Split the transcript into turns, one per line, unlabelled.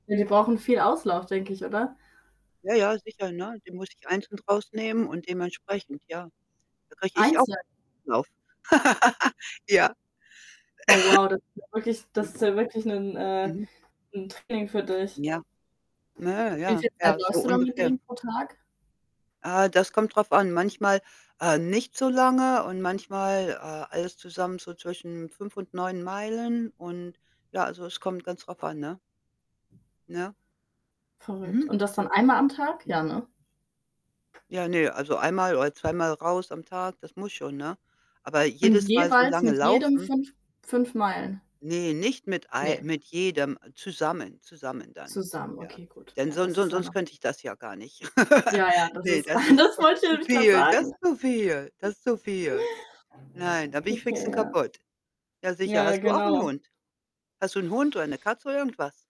Ja, die brauchen viel Auslauf, denke ich, oder?
Ja, ja, sicher, ne? Die muss ich einzeln rausnehmen und dementsprechend, ja. Da kriege ich auch
Einzeln?
Auslauf. Ja.
Oh wow, das ist ja wirklich das
Mhm.
ist ja wirklich 'n äh,
Mhm.
'n Training für dich.
Ja. Nö,
Wie
ja,
viel Zeit
ja, so
läufst du dann mit
ungefähr.
denen pro Tag?
Äh, das kommt drauf an. Manchmal, äh, nicht so lange und manchmal, äh, alles zusammen so zwischen 5 und 9 Meilen und ja also, es kommt ganz drauf an, ne? Ne?
Verrückt.
Mhm.
Und das dann einmal am Tag?
Mhm.
Ja, ne?
Ja, ne, also, einmal oder zweimal raus am Tag, das muss schon, ne? Aber
Und
jedes Mal so
jeweils
lange
mit jedem
laufen?
5- 5 Meilen?
Ne, nicht mit mit ei
Ne.
mit jedem, äh, zusammen zusammen dann,
Zusammen.
ja?
Okay, gut.
Denn
Ja,
son
das ist
son
ja
sonst
noch
könnte ich das ja gar nicht.
Ja, ja, das
Ne,
ist
das ist
das
das
wollte
ist
ich
zu
nämlich gerade
viel, das
sagen.
ist zu viel, das ist zu viel.
[unintelligible]
Nein, da bin ich fix
Okay,
und
ja.
kaputt. Ja, sicher.
Ja,
Hast du auch 'nen
genau.
Hund? Hast du 'n Hund oder 'ne Katze oder irgendwas?